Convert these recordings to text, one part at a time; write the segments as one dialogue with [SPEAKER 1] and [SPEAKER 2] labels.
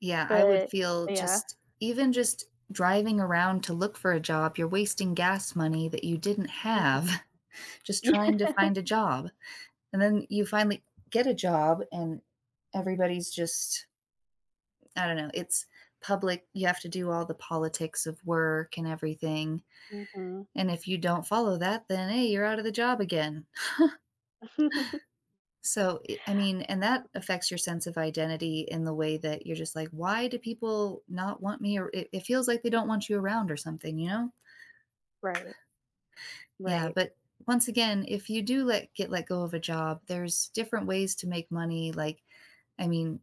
[SPEAKER 1] Yeah, I would
[SPEAKER 2] But
[SPEAKER 1] feel
[SPEAKER 2] Yeah.
[SPEAKER 1] just Even just driving around to look for a job, you're wasting gas money that you didn't
[SPEAKER 2] Mhm.
[SPEAKER 1] have just
[SPEAKER 2] Yeah.
[SPEAKER 1] trying to find a job, and then you finally get a job, and everybody's just I don't know, it's public you have to do all the politics of work and everything,
[SPEAKER 2] Mhm.
[SPEAKER 1] and if you don't follow that, then, "Hey, you're out of the job again." So i I mean and that affects your sense of identity in the way that you're just like, "Why do people not want me?" or it it feels like they don't want you around or something, you know?
[SPEAKER 2] Right.
[SPEAKER 1] Yeah,
[SPEAKER 2] Right.
[SPEAKER 1] but once again, if you do let get let go of a job, there's different ways to make money, like, I mean,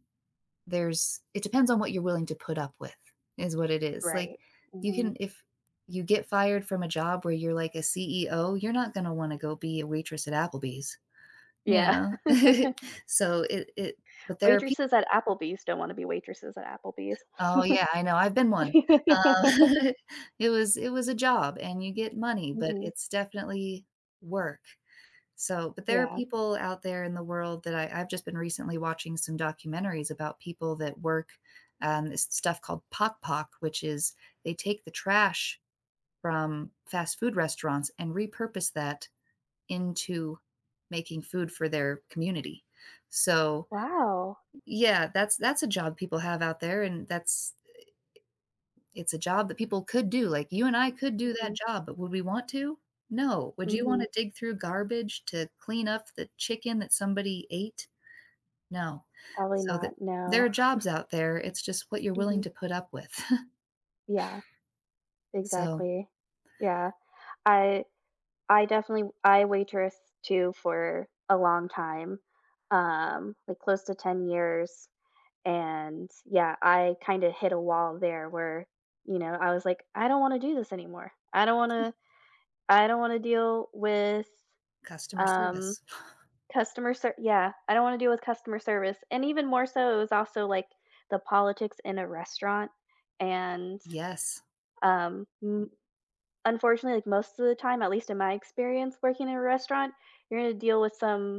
[SPEAKER 1] there's it depends on what you're willing to put up with, is what it is, like,
[SPEAKER 2] Right.
[SPEAKER 1] you
[SPEAKER 2] Mhm.
[SPEAKER 1] can if you get fired from a job where you're, like, a CEO, you're not gonna wanna go be a waitress at Applebee's, you
[SPEAKER 2] Yeah.
[SPEAKER 1] know? So it it But there are pe
[SPEAKER 2] Waitresses at Applebee's don't wanna be waitresses at Applebee's.
[SPEAKER 1] Oh, yeah, I know, I've been one. Uh, it was it was a job, and you get money, but
[SPEAKER 2] Mhm.
[SPEAKER 1] it's definitely work, so But there are
[SPEAKER 2] Yeah.
[SPEAKER 1] people out there in the world that I I've just been recently watching some documentaries about people that work, um, it's stuff called Pagpag, which is, they take the trash from fast food restaurants and repurpose that into making food for their community. So
[SPEAKER 2] Wow.
[SPEAKER 1] Yeah, that's that's a job people have out there, and that's, i i it's a job that people could do, like, you and I could do that
[SPEAKER 2] Mhm.
[SPEAKER 1] job, but would we want to? No. Would you wanna
[SPEAKER 2] Mhm.
[SPEAKER 1] dig through garbage to clean up the chicken that somebody ate? No.
[SPEAKER 2] Probably
[SPEAKER 1] So the
[SPEAKER 2] not,
[SPEAKER 1] There
[SPEAKER 2] no.
[SPEAKER 1] are jobs out there, it's just what you're willing
[SPEAKER 2] Mhm.
[SPEAKER 1] to put up with.
[SPEAKER 2] Yeah.
[SPEAKER 1] So
[SPEAKER 2] Exactly. Yeah. I I definitely I waitress too for a long time, um, like, close to 10 years, and, yeah, I kinda hit a wall there where, you know, I was like, "I don't wanna do this anymore. I don't
[SPEAKER 1] Ti
[SPEAKER 2] wanna I don't wanna deal with,
[SPEAKER 1] Customer
[SPEAKER 2] um,
[SPEAKER 1] service.
[SPEAKER 2] customer ser" Yeah, I don't wanna deal with customer service, and even more so it was also, like, the politics in a restaurant, and,
[SPEAKER 1] Yes.
[SPEAKER 2] um, m Unfortunately, like, most of the time, at least in my experience working in a restaurant, you're gonna deal with some